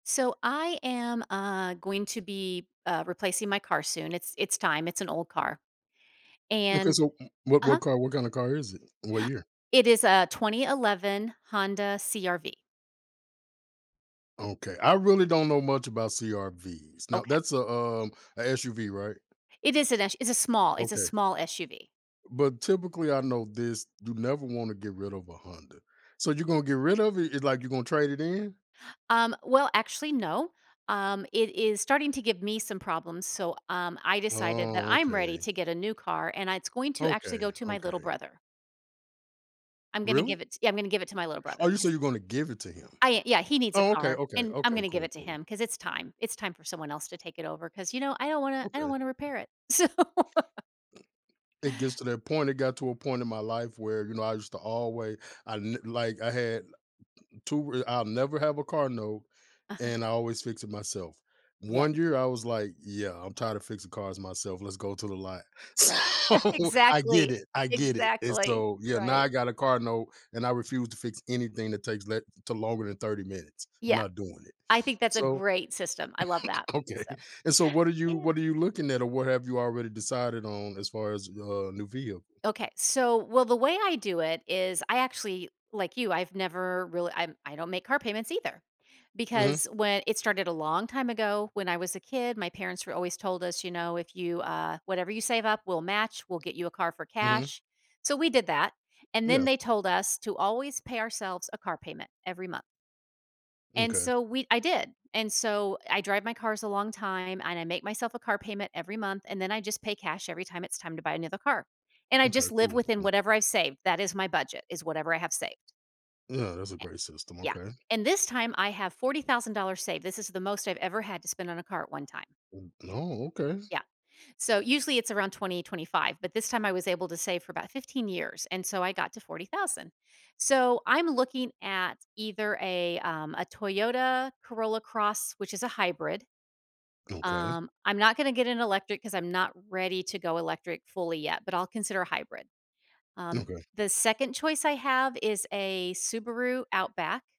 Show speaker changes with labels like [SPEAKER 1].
[SPEAKER 1] So, I am, uh, going to be, uh, replacing my car soon. It's it's time, it's an old car,
[SPEAKER 2] Okay,
[SPEAKER 1] and
[SPEAKER 2] so, m what what
[SPEAKER 1] uh-huh.
[SPEAKER 2] car what kinda car is it? What year?
[SPEAKER 1] It is a 2011 Honda CR-V.
[SPEAKER 2] Okay. I really don't know much about CR-Vs. Now,
[SPEAKER 1] Okay.
[SPEAKER 2] that's a, um, a SUV, right?
[SPEAKER 1] It is an S it's a small it's a
[SPEAKER 2] Okay.
[SPEAKER 1] small SUV.
[SPEAKER 2] But, typically, I know this, you never wanna get rid of a Honda. So you're gonna get rid of it? It's like you gonna trade it in?
[SPEAKER 1] Um, well, actually, no, um, it is starting to give me some problems, so, um, I decided that
[SPEAKER 2] Oh,
[SPEAKER 1] I'm ready
[SPEAKER 2] okay.
[SPEAKER 1] to get a new car, and it's going to actually
[SPEAKER 2] Okay,
[SPEAKER 1] go to my little
[SPEAKER 2] okay.
[SPEAKER 1] brother. I'm gonna
[SPEAKER 2] Really?
[SPEAKER 1] give it t yeah, I'm gonna give it to my little
[SPEAKER 2] Oh,
[SPEAKER 1] brother.
[SPEAKER 2] you say
[SPEAKER 1] His
[SPEAKER 2] you're gonna give it to him.
[SPEAKER 1] I uh, yeah, he needs a
[SPEAKER 2] Oh, okay,
[SPEAKER 1] car
[SPEAKER 2] okay,
[SPEAKER 1] and I'm
[SPEAKER 2] okay,
[SPEAKER 1] gonna give it
[SPEAKER 2] cool,
[SPEAKER 1] to
[SPEAKER 2] cool.
[SPEAKER 1] him 'cause it's time, it's time for someone else to take it over 'cause, you know, I don't wanna I don't
[SPEAKER 2] Okay.
[SPEAKER 1] wanna repair it. So
[SPEAKER 2] It gets to that point, it got to a point in my life where, you know, I used to alway I n like, I had 2 r I'll never have a car note,
[SPEAKER 1] Uh-huh.
[SPEAKER 2] and I always fix it myself.
[SPEAKER 1] Yes.
[SPEAKER 2] One year, I was like, "Yeah, I'm tired of fixing cars myself. Let's go to the lot."
[SPEAKER 1] Right.
[SPEAKER 2] So, I get
[SPEAKER 1] Exactly.
[SPEAKER 2] it, I get it, and
[SPEAKER 1] Exactly,
[SPEAKER 2] so, yeah, now
[SPEAKER 1] right.
[SPEAKER 2] I got a car note and I refuse to fix anything that takes le to longer than 30 minutes. I'm
[SPEAKER 1] Yeah.
[SPEAKER 2] not doing it,
[SPEAKER 1] I think that's a
[SPEAKER 2] so
[SPEAKER 1] great system, I love that, so,
[SPEAKER 2] Okay. And, so, what are you
[SPEAKER 1] yeah.
[SPEAKER 2] what are you looking at or what have you already decided on, as far as a new vehicle?
[SPEAKER 1] Okay. So, well, the way I do it is I actually, like you, I've never real I'm I don't make car payments either
[SPEAKER 2] Mhm.
[SPEAKER 1] because whe it started a long time ago when I was a kid, my parents were always told us, you know, "If you, uh whatever you save up we'll match, we'll get you a car for
[SPEAKER 2] Mhm.
[SPEAKER 1] cash." So, we did that and,
[SPEAKER 2] Yeah.
[SPEAKER 1] then, they told us to always pay ourselves a car payment every month and
[SPEAKER 2] M'kay.
[SPEAKER 1] so we I did, and so I drive my cars a long time, and I make myself a car payment every month, and then I just pay cash every time it's time to buy another car, and I
[SPEAKER 2] M'kay,
[SPEAKER 1] just live
[SPEAKER 2] cool.
[SPEAKER 1] within
[SPEAKER 2] M
[SPEAKER 1] whatever I save, that is my budget, is whatever I have saved.
[SPEAKER 2] Yeah, that's a
[SPEAKER 1] Eh
[SPEAKER 2] great system,
[SPEAKER 1] Yeah,
[SPEAKER 2] okay.
[SPEAKER 1] and this time I have $40,000 saved, this is the most I've ever had to spend on a car at one time.
[SPEAKER 2] M No, okay.
[SPEAKER 1] Yeah. So, usually it's around 20, 25, but this time I was able to save for about 15 years and so I got to $40,000. So, I'm looking at either a, um, a Toyota Corolla Cross, which is a hybrid.
[SPEAKER 2] Okay.
[SPEAKER 1] Um, I'm not gonna get an electric 'cause I'm not ready to go electric fully yet, but I'll consider a hybrid. Um,
[SPEAKER 2] Okay.
[SPEAKER 1] the second choice I have is a Subaru Outback